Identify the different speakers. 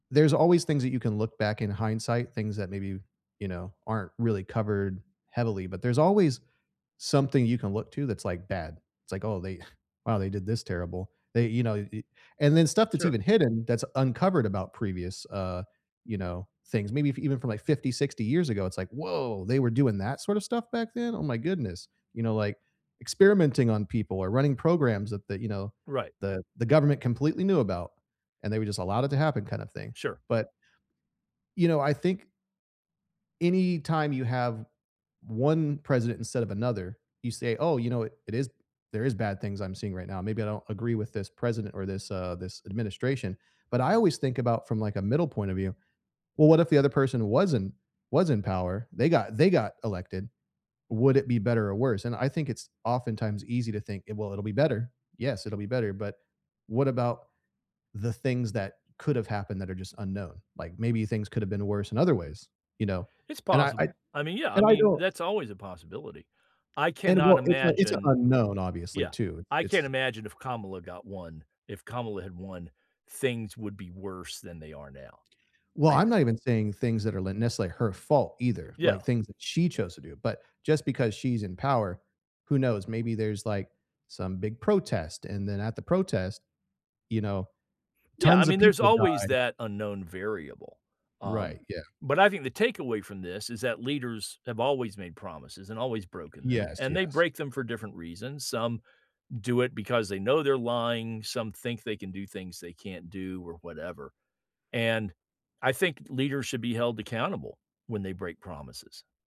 Speaker 1: There's always things that you can look back in hindsight, things that maybe, you know, aren't really covered heavily, but there's always something you can look to that's, like, bad. It's like, “Oh, they wow, they did this terrible. They you know, eh” And then stuff that's
Speaker 2: Sure.
Speaker 1: even hidden that's uncovered about previous, uh, you know, things. Maybe f even from, like, 50, 60 years ago, it's like, “Woah! They were doing that sorta stuff back then? Oh my goodness.” You know, like, experimenting on people or running programs that the you know,
Speaker 2: Right.
Speaker 1: the the government completely knew about, and they were just allowed it to happen kinda thing,
Speaker 2: Sure.
Speaker 1: but you know, I think anytime you have v 1 president instead of another, you say, “Oh, you know what it is? There is bad things I'm seeing right now. Maybe I don't agree with this president or this uh, this administration,” but I always think about from, like, a middle point of view. Well, what if the other person wasn't was in power? They got they got elected. Would it be better or worse? And I think it's oftentimes easy to think, “Eh, well, it'll be better. Yes, it'll be better,” but what about the things that could've happened that are just unknown? Like, maybe things could've been worse in other ways, you know?
Speaker 2: It's
Speaker 1: And I I
Speaker 2: possible. I mean, yeah, I
Speaker 1: and I
Speaker 2: mean,
Speaker 1: don't
Speaker 2: that's always a possibility. I
Speaker 1: And
Speaker 2: cannot
Speaker 1: what it's a it's a
Speaker 2: imagine
Speaker 1: unknown, obviously,
Speaker 2: Yeah,
Speaker 1: too.
Speaker 2: I can't
Speaker 1: It's
Speaker 2: imagine if Kamala got won. If Kamala had won, things would be worse than they are now.
Speaker 1: Well,
Speaker 2: I
Speaker 1: I'm
Speaker 2: just
Speaker 1: not even saying things that are l nec like, her fault either, like,
Speaker 2: Yeah.
Speaker 1: things that she chose to do, but just because she's in power, who knows? Maybe there's, like, some big protest, and then at the protest, you know,
Speaker 2: Yeah, I
Speaker 1: tons of
Speaker 2: mean, there's
Speaker 1: people
Speaker 2: always
Speaker 1: die.
Speaker 2: that unknown variable. Um,
Speaker 1: Right, yeah.
Speaker 2: but I think the takeaway from this is that leaders have always made promises and always broken them,
Speaker 1: Yes,
Speaker 2: and they
Speaker 1: yes.
Speaker 2: break them for different reasons. Some do it because they know they're lying, some think they can do things they can't do or whatever, and I think d leaders should be held accountable when they break promises.